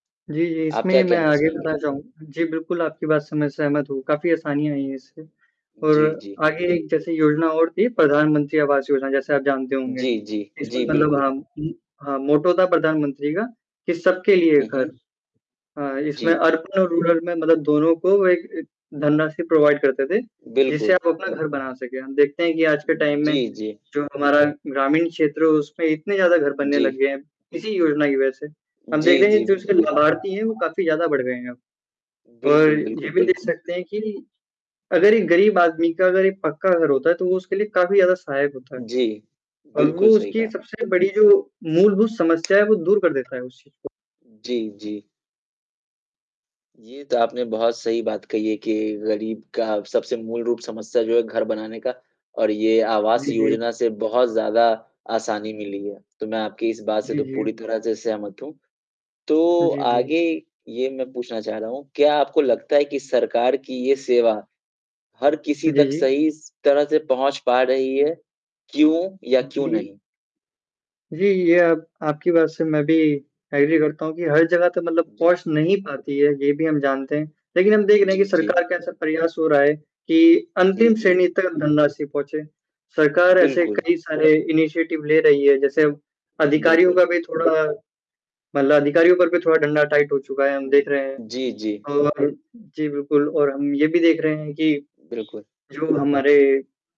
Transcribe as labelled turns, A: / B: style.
A: जी, जी।
B: आप
A: इसमें
B: क्या
A: ही मैं
B: कहना
A: आगे
B: चाहेंगे?
A: बताना चाहूँगा जी, बिल्कुल आपकी बात से मैं सहमत हूँ काफ़ी आसानी आई है इससे और
B: जी, जी।
A: आगे एक जैसे योजना और थी प्रधानमंत्री आवास योजना जैसे आप जानते होंगे।
B: जी, जी,
A: इसमें
B: जी,
A: मतलब
B: बिल्कुल।
A: हम उ, हाँ, मोटो था प्रधानमंत्री का कि सबके लिए
B: हुँ,
A: घर
B: हुँ।
A: हाँ, इसमें
B: जी।
A: अर्बन और रूरल में मतलब दोनों को एक एक धनराशि प्रोवाइड करते थे। जिससे
B: बिल्कुल।
A: आप अपना घर बना सकें। हम देखते हैं कि आज के टाइम में
B: जी, जी।
A: जो हमारा ग्रामीण क्षेत्र है उसमें इतने ज़्यादा घर बनने लग
B: जी।
A: गए हैं। इसी योजना की वजह से हम देख
B: जी,
A: रहे हैं
B: जी,
A: जो इसके
B: बिल्कुल।
A: लाभार्थी हैं वो काफ़ी ज़्यादा बढ़ गए हैं अब और
B: बिल्कुल,
A: ये
B: बिल्कुल,
A: भी देख
B: बिल्कुल।
A: सकते हैं कि अगर एक गरीब आदमी का अगर एक पक्का घर होता है तो वो उसके लिए काफ़ी ज़्यादा सहायक होता है।
B: जी।
A: और वो
B: बिल्कुल, सही
A: उसकी
B: कहा।
A: सबसे बड़ी जो मूलभूत समस्या है वो दूर कर देता है उस चीज़ को।
B: जी, जी। ये तो आपने बहुत सही बात कही है कि गरीब का सबसे मूल रूप समस्या जो है घर बनाने का और ये आवास
A: जी, जी।
B: योजना से बहुत ज़्यादा आसानी मिली है। तो मैं आपकी इस बात से
A: जी,
B: तो पूरी
A: जी।
B: तरह से सहमत हूँ। तो
A: जी, जी।
B: आगे ये मैं पूछना चाह रहा हूँ क्या आपको लगता है कि सरकार की ये सेवा हर
A: जी,
B: किसी तक
A: जी।
B: सही स तरह से पहुँच पा रही है, क्यों या क्यों
A: जी।
B: नहीं?
A: जी, ये आप आपकी बात से मैं भी एग्री करता हूँ कि हर जगह का मतलब
B: जी।
A: पहुँच नहीं पाती है ये भी हम जानते हैं। लेकिन हम देख रहे हैं
B: जी,
A: कि
B: जी।
A: सरकार का ऐसा प्रयास हो रहा है कि
B: जी,
A: अंतिम
B: जी।
A: श्रेणी तक धनराशि पहुँचे। सरकार ऐसे
B: बिल्कुल।
A: कई सारे इनिशिएटिव ले रही है। जैसे अब अधिकारियों
B: बिल्कुल।
A: का भी थोड़ा मतलब अधिकारियों पर भी थोड़ा डंडा टाइट हो चुका है हम देख
B: हुँ।
A: रहे हैं।
B: जी, जी।
A: और जी बिल्कुल और हम ये भी देख रहे हैं कि
B: बिल्कुल।
A: जो हमारे